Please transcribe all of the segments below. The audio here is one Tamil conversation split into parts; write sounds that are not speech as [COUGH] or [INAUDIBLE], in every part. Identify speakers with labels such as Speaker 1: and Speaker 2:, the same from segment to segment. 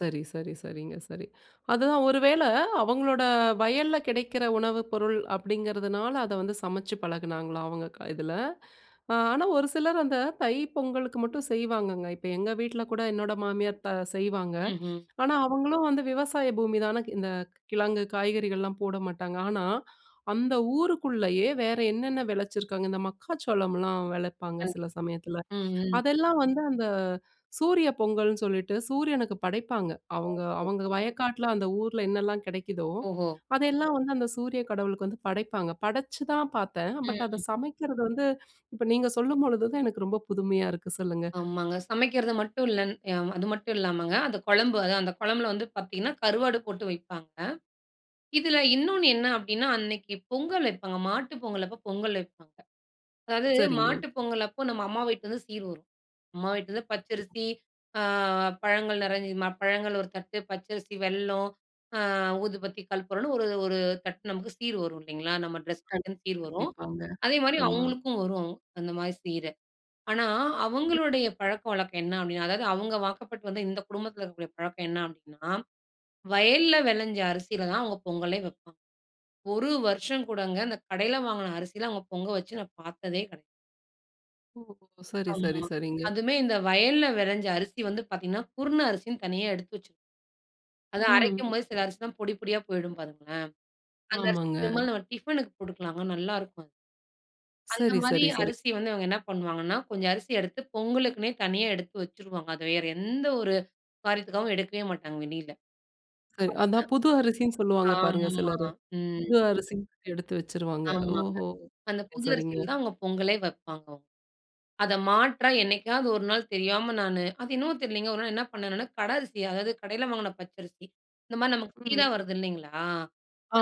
Speaker 1: சரி-சரி சரிங்க. சரி. அதான், ஒரு வேள அவங்களோட வயல்ல கெடைக்கிற உணவு பொருள் அப்படிங்கிறதுனால, அத வந்து சமைச்சு பழகுனாங்களா அவங்க க இதில? ஆ ஆனா ஒரு சிலர் அந்த தை பொங்கலுக்கு மட்டும் செய்வாங்கங்க, இப்போ எங்க வீட்ல கூட, என்னோட மாமியார் த செய்வாங்க.
Speaker 2: ம்ஹ்ம்.
Speaker 1: ஆனா அவங்களும் வந்து விவசாய பூமிதானே! க்கு இந்த கிழங்கு காய்கறிகள்லாம் போட மாட்டாங்க ஆனா, அந்த ஊருக்குள்ளயே, வேற என்னென்னா வெளச்சிருக்காங்க இந்த மக்காச்சோளம்ல்லாம் வெளைப்பாங்க சில
Speaker 2: கண்டிப்
Speaker 1: சமயத்தில.
Speaker 2: ம், ம்.
Speaker 1: அதெல்லாம் வந்து, அந்த சூரிய பொங்கல்னு சொல்லிட்டு, சூரியனுக்கு படைப்பாங்க. அவங்க
Speaker 2: ஓஹோ!
Speaker 1: அவங்க வயக்காட்டில அந்த ஊருல என்னெல்லாம் கெடைக்குதோ,
Speaker 2: ஓஹோ!
Speaker 1: அதெல்லாம் வந்து அந்த சூரிய கடவுளுக்கு வந்து படைப்பாங்க. படைச்சுதான் பாத்தேன்.
Speaker 2: ம்,
Speaker 1: பட் அத
Speaker 2: ம்.
Speaker 1: சமைக்கிறது வந்து இப்போ நீங்க சொல்லும்பொழுது தான், எனக்கு ரொம்ப புதுமையா இருக்கு சொல்லுங்க.
Speaker 2: ஆமாங்க. சமைக்கிறத மட்டும் இல்லன் யா அது மட்டும் இல்லாமங்க. அந்த கொழம்பு அதான் அந்த கொழம்பில வந்து பாத்தீங்கன்னா, கருவாடு போட்டு வைப்பாங்க, இதில இன்னொன்னு என்னா அப்படின்னா, அன்னைக்கு பொங்கல் வைப்பாங்க மாட்டு பொங்கல் அப்போ பொங்கல் வைப்பாங்க, அதாவது
Speaker 1: சரிங்க.
Speaker 2: மாட்டு பொங்கல் அப்போ, நம்ம அம்மா வீட்லருந்து சீர் வரும். அம்மா வீட்டிலேருந்து பச்சரிசி, அ பழங்கள் நெறைஞ்சு மா பழங்கள் ஒரு தட்டு, பச்சரிசி, வெல்லம், அ ஊதுபத்தி, கல்புரம்ன்னு, ஒரு ஒரு தட்டு நமக்கு சீர் வரும் இல்லைங்களா, நம்ம டிரெஸ்
Speaker 1: கண்
Speaker 2: [UNINTELLIGIBLE] சீர் வரும்.
Speaker 1: கண்டிப்பாங்க,
Speaker 2: அதே மாரி
Speaker 1: ஆமா.
Speaker 2: அவுங்களுக்கும் வரும், அந்த மாரி சீரு. ஆனா அவங்களுடைய பழக்க வழக்கம் என்னா அப்படினா, அதாவது அவுங்க வாக்கப்பட்டு வந்த, இந்த குடும்பத்தில இருக்கக்கூடிய பழக்கம் என்னா அப்படினா, வயல்ல வெளைஞ்ச அரிசியில தான் அவுங்க பொங்கலே வெப்பா 1 வருஷம் கூடங்க இந்த கடையில வாங்கின அரிசில அவுங்க பொங்க வச்சு நான் பாத்ததே கெடை
Speaker 1: ஓ! சரி
Speaker 2: ஆமா.
Speaker 1: சரி சரிங்க.
Speaker 2: அதுவுமே இந்த வயல்ல வெளைஞ்ச அரிசி வந்து பாத்தீங்கனா, குருண அரிசினு தனியா எடுத்து வைச்சு அது
Speaker 1: ம்.
Speaker 2: அரைக்கும்போது, சில அரிசில்லாம் பொடி பொடியா போய்டும் பாருங்களேன். அந்த அரிசி
Speaker 1: ஆமாங்க.
Speaker 2: பெரும்பாலும் நம்ம டிஃபனுக்கு குடுக்கலாங்க, நல்லா இருக்கும் அத் அந்த
Speaker 1: சரி
Speaker 2: மாரி
Speaker 1: சரி சரி.
Speaker 2: அரிசி வந்து அவங்க என்னா பண்ணுவாங்கன்னா, கொஞ்சம் அரிசி எடுத்து பொங்கலுக்குன்னே தனியா எடுத்து வச்சுருவாங்க. அத வேற எந்த ஒரு காரியத்துக்காவும் எடுக்கவே மாட்டாங்க வெளில
Speaker 1: [UNINTELLIGIBLE]
Speaker 2: பாத்தீங்கன்னா.
Speaker 1: அதான் புது அரிசின்னு சொல்லுவாங்க பாருங்க
Speaker 2: ஆமா
Speaker 1: சிலரு,
Speaker 2: ம்.
Speaker 1: புது அரிசின்னு எடுத்து வச்சுருவாங்க.
Speaker 2: ஆமாங்க.
Speaker 1: ஓஹோ!
Speaker 2: அந்த புது அரிசில
Speaker 1: சரிங்க.
Speaker 2: தான் அவுங்க பொங்கலே வைப்பாங்க அவுங் அத மாற்றா, என்னைக்காவது 1 நாள் தெரியாம நானு அது என்னமோ தெரியலைங்க. 1 நாள் என்ன பண்ணேன் நானு! கடை அரிசி, அதாவது கடையில வாங்கின பச்சரிசி இந்த மாரி நமக்கு சீரா
Speaker 1: ம்.
Speaker 2: வருது இல்லைங்களா.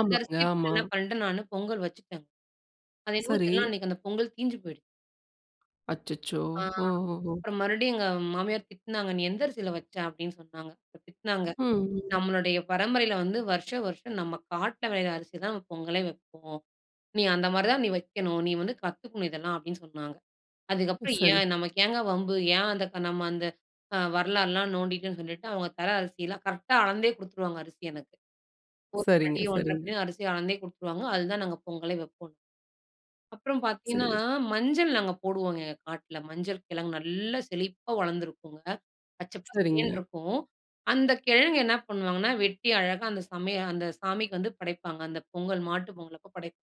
Speaker 2: அந்த அரிசிய போட்டு
Speaker 1: ஆமா.
Speaker 2: என்னா பண்ணிட்டேன் நானு பொங்கல் வச்சுட்டேன்ங்க. அது என்னமோ
Speaker 1: சரி.
Speaker 2: தெரியல. அன்னைக்கு அந்த பொங்கல் தீஞ்ஞு போய்டு
Speaker 1: அச்சச்சோ!
Speaker 2: ஆ,
Speaker 1: ஒ, ஒ, ஒ!
Speaker 2: அப்புறம் மறுபடியும் எங்க மாமியார் திட்னாங்க. "நீ எந்த அரிசியில வச்ச?" அப்படின்னு சொன்னாங்க, அப்ப திட்னாங்க.
Speaker 1: ம், ம்.
Speaker 2: "நம்மளுடைய பரம்பரையில வந்து வருஷ வருஷம் நம்ம காட்ல வெளையிற அரிசி தான் பொங்கலே வெப்போம். நீ அந்த மாதிரி தான் நீ வைக்கணும், நீ வந்து கத்துக்கணும் இதெல்லாம்" அப்டின்னு சொன்னாங்க. அதுக்கப்புறம்
Speaker 1: சரி. ச
Speaker 2: ஏன் நமக்கு ஏங்க வம்பு, ஏன் அந்த க நம்ம அந்த அ வரலாறுல்லாம் நோண்டிட்டேன்னு சொல்லிட்டு, அவுங்க தர அரிசில கரெக்ட்டா அளந்தே குடுத்துடுவாங்க அரிசி எனக்கு. 1
Speaker 1: சரிங்க,
Speaker 2: படி 1- 1/2
Speaker 1: சரிங்க.
Speaker 2: படின்னு அரிசி அளந்தே குடுத்துருவாங்க. அதுலதான் நாங்க பொங்கலே வெப்போம். அப்புறம் பாத்தீங்கன்னா,
Speaker 1: சரி, ச
Speaker 2: மஞ்சள் நாங்க போடுவோங்க காட்டில, மஞ்சள் கிழங்கு நல்லா செழிப்பா வளந்திருக்கும்ங்க. பச்சை பசேல்னு
Speaker 1: சரிங்க.
Speaker 2: இருக்கும். அந்த கெழங்கு என்னா பண்ணுவாங்கனா? வெட்டி அழகா அந்த சமய அந்த சாமிக்கு வந்து படைப்பாங்க. அந்த பொங்கல் மாட்டு பொங்கலப்போ படைப்